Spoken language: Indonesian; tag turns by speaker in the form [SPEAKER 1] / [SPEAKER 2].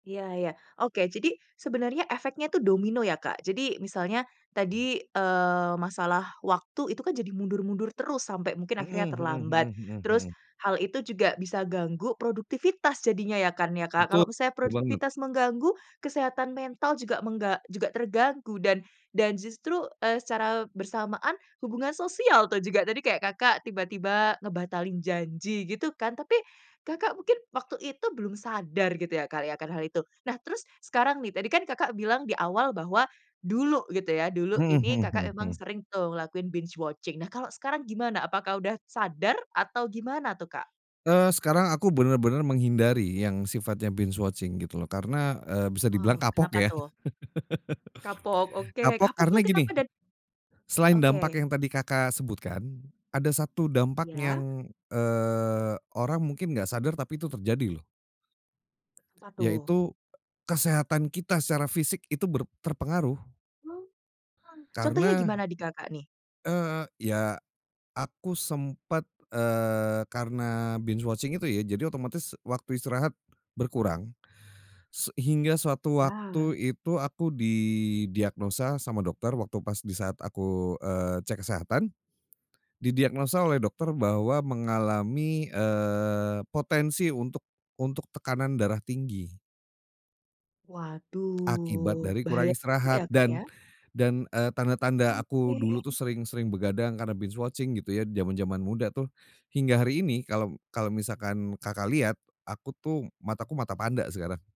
[SPEAKER 1] Iya iya, oke, jadi sebenarnya efeknya itu domino ya, Kak. Jadi misalnya tadi, eee, masalah waktu itu kan, jadi mundur-mundur terus sampai mungkin
[SPEAKER 2] Mhm
[SPEAKER 1] akhirnya
[SPEAKER 2] mhm mhm
[SPEAKER 1] terlambat.
[SPEAKER 2] mhm
[SPEAKER 1] Terus
[SPEAKER 2] mhm.
[SPEAKER 1] hal itu juga bisa ganggu produktivitas jadinya ya, kan ya, Kak.
[SPEAKER 2] Betul.
[SPEAKER 1] Kalau misalnya
[SPEAKER 2] Betul banget.
[SPEAKER 1] produktivitas mengganggu kesehatan mental juga, mengga juga terganggu dan dan justru, eee, secara bersamaan hubungan sosial tuh juga tadi kayak Kakak tiba-tiba ngebatalin janji, gitu kan, tapi Kakak mungkin waktu itu belum sadar, gitu ya, kali, akan hal itu. Nah, terus sekarang nih, tadi kan Kakak bilang di awal bahwa dulu gitu ya, dulu
[SPEAKER 2] Mhm
[SPEAKER 1] ini
[SPEAKER 2] mhm
[SPEAKER 1] Kakak
[SPEAKER 2] mhm
[SPEAKER 1] emang
[SPEAKER 2] mhm.
[SPEAKER 1] sering tuh lakuin binge watching, nah, kalau sekarang gimana apakah udah sadar atau gimana tuh, Kak?
[SPEAKER 2] Eee, sekarang aku bener-bener menghindari yang sifatnya binge watching, gitu loh. Karena, eee, bisa dibilang
[SPEAKER 1] Wow,
[SPEAKER 2] kapok,
[SPEAKER 1] kenapa
[SPEAKER 2] ya.
[SPEAKER 1] tuh? Kapok, oke,
[SPEAKER 2] Kapok
[SPEAKER 1] kapoknya
[SPEAKER 2] karena gini,
[SPEAKER 1] kenapa dan
[SPEAKER 2] selain dampak
[SPEAKER 1] Oke.
[SPEAKER 2] yang tadi Kakak sebutkan, ada 1 dampak
[SPEAKER 1] Iya.
[SPEAKER 2] yang, eee, orang mungkin nggak sadar, tapi itu terjadi, loh.
[SPEAKER 1] Apa, tuh?
[SPEAKER 2] Yaitu, kesehatan kita secara fisik itu ber terpengaruh.
[SPEAKER 1] Contohnya
[SPEAKER 2] Karena
[SPEAKER 1] gimana di Kakak, nih?
[SPEAKER 2] Eee, ya. Aku sempat, eee, karena binge watching itu ya, jadi otomatis waktu istirahat berkurang, se hingga suatu waktu
[SPEAKER 1] Ya.
[SPEAKER 2] itu aku didiagnosa sama dokter waktu pas di saat aku, eee, cek kesehatan. Didiagnosa oleh dokter bahwa mengalami, eee, potensi untuk untuk tekanan darah tinggi. Akibat
[SPEAKER 1] Waduh,
[SPEAKER 2] dari
[SPEAKER 1] bahaya
[SPEAKER 2] kurang
[SPEAKER 1] juga
[SPEAKER 2] istirahat
[SPEAKER 1] ya, Kak,
[SPEAKER 2] dan
[SPEAKER 1] ya.
[SPEAKER 2] dan, eee, tanda-tanda aku dulu tuh
[SPEAKER 1] Oke.
[SPEAKER 2] sering sering begadang karena binge watching gitu ya, zaman-zaman muda tuh hingga hari ini kalau kalau misalkan Kakak lihat, aku tuh mataku mata panda sekarang.